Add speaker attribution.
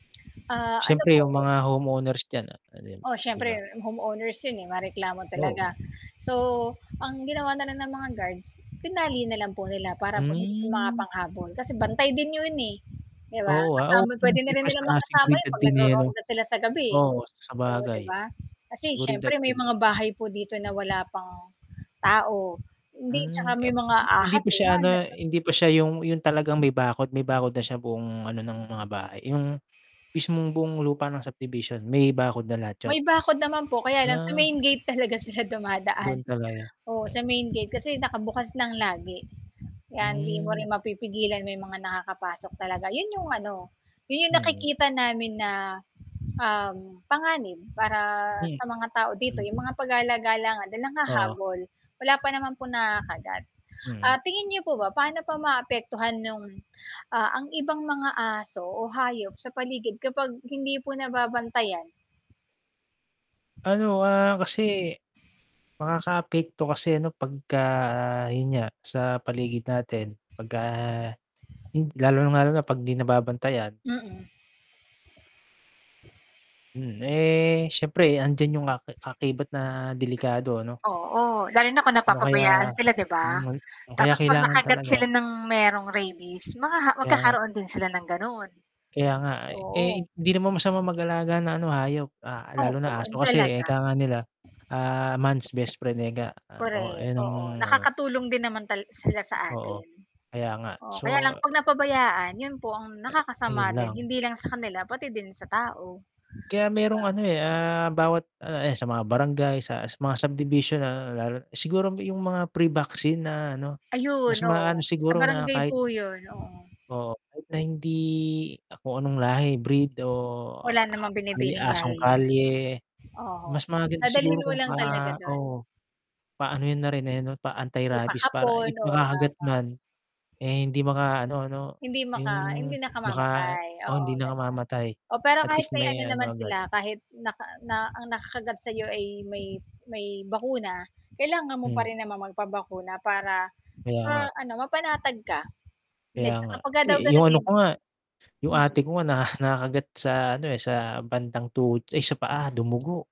Speaker 1: Ah, ano
Speaker 2: Siyempre 'yung
Speaker 1: po?
Speaker 2: mga homeowners diyan, ah, pa din,
Speaker 1: Oh,
Speaker 2: 'di
Speaker 1: siyempre
Speaker 2: ba?
Speaker 1: homeowners 'yun, eh, mareklamo talaga.
Speaker 2: Oo.
Speaker 1: So, ang ginawa na lang ng mga guards, tinali na lang po nila para po hindi po
Speaker 2: Hmm.
Speaker 1: makapanghabol, kasi bantay din 'yun, eh, 'di ba?
Speaker 2: Oo, ah.
Speaker 1: Kasama
Speaker 2: Um,
Speaker 1: puwede na rin
Speaker 2: impress
Speaker 1: nilang
Speaker 2: pa nga
Speaker 1: makasama
Speaker 2: siguro
Speaker 1: 'yon
Speaker 2: 'yung
Speaker 1: 'pag
Speaker 2: tenyente, 'no.
Speaker 1: nagro-ronda sila sa gabi, eh.
Speaker 2: Oo,
Speaker 1: Oh, 'di
Speaker 2: sabagay,
Speaker 1: ba, kasi siyempre
Speaker 2: seguridad
Speaker 1: may
Speaker 2: din.
Speaker 1: mga bahay po dito na wala pang tao. Hindi, tsaka
Speaker 2: Hmm,
Speaker 1: may
Speaker 2: ep
Speaker 1: mga
Speaker 2: hindi
Speaker 1: ahas
Speaker 2: pa
Speaker 1: oo,
Speaker 2: siya
Speaker 1: nga na
Speaker 2: ano
Speaker 1: [unintelligible]
Speaker 2: hindi pa siya 'yung 'yung talagang may bakod. May bakod na siya buong ano ng mga bahay, 'yung mismong buong lupa ng subdivision, may bakod na lahat
Speaker 1: May
Speaker 2: 'yun?
Speaker 1: bakod naman po, kaya lang sa
Speaker 2: Ah.
Speaker 1: main gate talaga sila dumadaan,
Speaker 2: Do'n talaga,
Speaker 1: oh,
Speaker 2: eh.
Speaker 1: sa main gate kasi nakabukas ng lagi. Kaya hindi mo rin
Speaker 2: Hmm.
Speaker 1: mapipigilan may mga nakakapasok talaga, 'yon 'yong ano, 'yon 'yong
Speaker 2: Mm.
Speaker 1: nakikita namin na, um, panganib para
Speaker 2: Hmm.
Speaker 1: sa mga tao dito,
Speaker 2: Hmm.
Speaker 1: 'yong mga pagala-gala nga, dahil ang
Speaker 2: Oo.
Speaker 1: hahabol. Wala pa naman po nakagat. Ah,
Speaker 2: Mm.
Speaker 1: tingin niyo po ba, paano pa maaapektuhan 'yung, ah, ang ibang mga aso o hayop sa paligid kapag hindi po nababantayan?
Speaker 2: Ano, ah, kasi, makakaapekto kasi ano pagka 'yun nga, sa paligid natin, pagka hin lalong-lalo na 'pag di nababantayan.
Speaker 1: Mm.
Speaker 2: Hmm, eh, siyempre andiyan 'yung ka kaakibat na delikado ano?
Speaker 1: Oo, lalo na kung
Speaker 2: O
Speaker 1: napapabayaan
Speaker 2: kaya,
Speaker 1: sila, di
Speaker 2: o
Speaker 1: ba?
Speaker 2: may o kaya
Speaker 1: Tapos 'pag
Speaker 2: kailangan
Speaker 1: nakagat
Speaker 2: talaga
Speaker 1: sila ng merong rabies, maha
Speaker 2: Kaya nga.
Speaker 1: magkakaroon din sila ng gano'n.
Speaker 2: Kaya nga, eh. Eh,
Speaker 1: Oo.
Speaker 2: hindi naman masama mag-alaga ng ano, hayop. Ah, lalo
Speaker 1: Opo,
Speaker 2: na aso,
Speaker 1: 'yun
Speaker 2: kasi nga
Speaker 1: talaga.
Speaker 2: ika nga nila, ah, man's best friend, ika. Ah, oh,
Speaker 1: Correct,
Speaker 2: eh, ng
Speaker 1: oo,
Speaker 2: ano
Speaker 1: nakakatulong din naman tal sila sa
Speaker 2: Oo,
Speaker 1: atin.
Speaker 2: kaya nga.
Speaker 1: Oo,
Speaker 2: So
Speaker 1: kaya lang 'pag napabayaan, 'yun po ang
Speaker 2: A ayun
Speaker 1: nakakasama din,
Speaker 2: lang.
Speaker 1: hindi lang sa kanila pati din sa tao. 'Di
Speaker 2: Kaya
Speaker 1: ba?
Speaker 2: merong ano, eh, ah, bawat ano, eh, sa mga barangay, sa sa mga subdivision, na lalo siguro 'yung mga pre-vaccine na ano, mas
Speaker 1: Ayun,
Speaker 2: maano
Speaker 1: oo. Sa
Speaker 2: siguro na
Speaker 1: barangay
Speaker 2: kahit
Speaker 1: po 'yun, oo.
Speaker 2: oo, kahit na hindi kung anong lahi, breed, o,
Speaker 1: Wala
Speaker 2: a
Speaker 1: namang pinipiling
Speaker 2: asong
Speaker 1: lahi 'yon.
Speaker 2: kalye,
Speaker 1: Oho,
Speaker 2: mas maganda siguro
Speaker 1: dadalhin mo
Speaker 2: kung
Speaker 1: lang
Speaker 2: pa
Speaker 1: talaga do'n.
Speaker 2: oo, paano 'yun na rin, eh, 'no, pa-antirabies para
Speaker 1: Ipakapon,
Speaker 2: i
Speaker 1: oo,
Speaker 2: makakagat
Speaker 1: tama.
Speaker 2: man, eh, hindi maka-ano 'no,
Speaker 1: Hindi
Speaker 2: 'yung
Speaker 1: maka hindi
Speaker 2: baka
Speaker 1: nakamamatay,
Speaker 2: oh,
Speaker 1: oo,
Speaker 2: hindi
Speaker 1: gano'n.
Speaker 2: nakamamatay,
Speaker 1: Oh, pero
Speaker 2: at
Speaker 1: kahit
Speaker 2: least
Speaker 1: may
Speaker 2: may
Speaker 1: ano naman
Speaker 2: ano agad.
Speaker 1: sila, kahit naka na ang nakakagat sa'yo ay may may bakuna, kailangan mo pa
Speaker 2: Hmm.
Speaker 1: rin naman magpabakuna para
Speaker 2: Kaya
Speaker 1: sa
Speaker 2: nga.
Speaker 1: ano mapanatag ka.
Speaker 2: Kaya
Speaker 1: Hindi,
Speaker 2: nga.
Speaker 1: tsaka pagka daw
Speaker 2: Eh, 'yung ano
Speaker 1: ganunin
Speaker 2: ko nga, 'yung
Speaker 1: Mm.
Speaker 2: ate ko nga, na nakagat sa ano, eh, sa bandang tuhod ay sa paa, dumugo.